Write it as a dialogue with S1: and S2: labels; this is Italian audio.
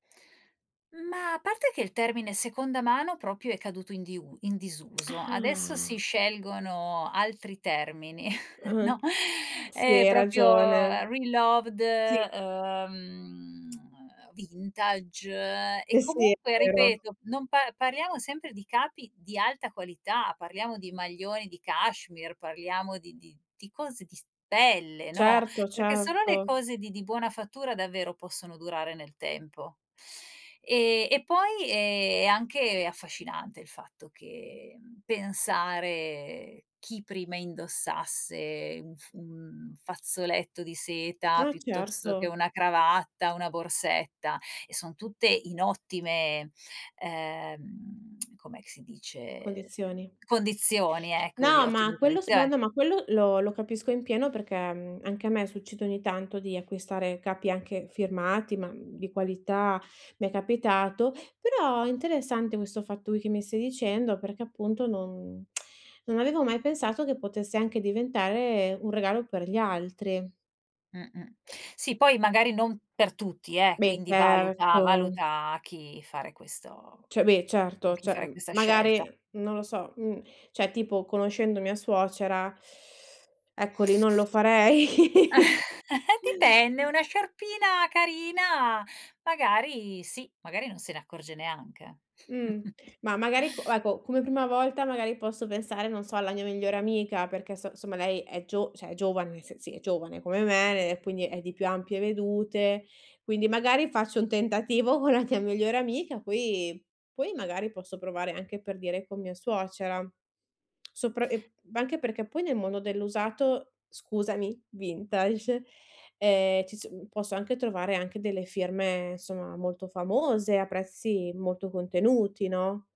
S1: Ma, a parte che il termine seconda mano, proprio, è caduto in diu in disuso, adesso si
S2: Ah.
S1: scelgono altri termini, no,
S2: Uhm, sì,
S1: è
S2: hai
S1: proprio
S2: ragione.
S1: reloved
S2: Sì!
S1: ehm, vintage. E,
S2: Eh sì, è
S1: comunque,
S2: vero.
S1: ripeto, non par parliamo sempre di capi di alta qualità: parliamo di maglioni di cachemire, parliamo di di di di cose di s pelle, no,
S2: Certo,
S1: perché solo le
S2: certo.
S1: cose di di buona fattura, davvero, possono durare nel tempo. E e, poi, eh, è anche affascinante il fatto che, mhmm, pensare chi prima indossasse un f un fazzoletto di seta,
S2: Ah,
S1: piuttosto che
S2: certo.
S1: una cravatta, una borsetta. E son tutte in ottime ehm, com'è che si dice?
S2: Condizioni.
S1: Uhm, condizioni, ecco, di
S2: No, ma
S1: ottime
S2: quello s ma,
S1: condizioni.
S2: no, ma quello lo lo capisco in pieno, perché, mhmm, anche a me succede ogni tanto, di acquistare capi, anche firmati, ma, mhmm, di qualità, mi è capitato. Però, è interessante questo fatto che mi stai dicendo, perché, appunto, non non avevo mai pensato che potesse anche diventare un regalo per gli altri.
S1: Mh, mh, sì poi magari non per tutti, eh,
S2: Beh,
S1: quindi valuta,
S2: certo!
S1: valuta a chi fare questo
S2: Cioè, beh,
S1: con
S2: certo.
S1: chi
S2: Cioè,
S1: fare
S2: uhm,
S1: questa
S2: magari,
S1: scelta.
S2: non lo so, mhmm, cioè, tipo, conoscendo mia suocera, ecco, lì non lo farei.
S1: Dipende, una sciarpina carina magari, sì, magari non se ne accorge neanche, eh.
S2: Mhmm, ma, magari, co ecco, come prima volta, magari, posso pensare, non so, alla mia migliore amica, perché so insomma, lei è gio cioè, è giovane, se sì, è giovane come me e, quindi, è di più ampie vedute. Quindi, magari, faccio un tentativo con la mia migliore amica, poi poi, magari, posso provare anche, per dire, con mia suocera. Sopra e anche perché, poi, nel mondo dell'usato scusami, vintage, ehm, ci so uhm posso anche trovare anche delle firme, insomma, molto famose a prezzi molto contenuti, no?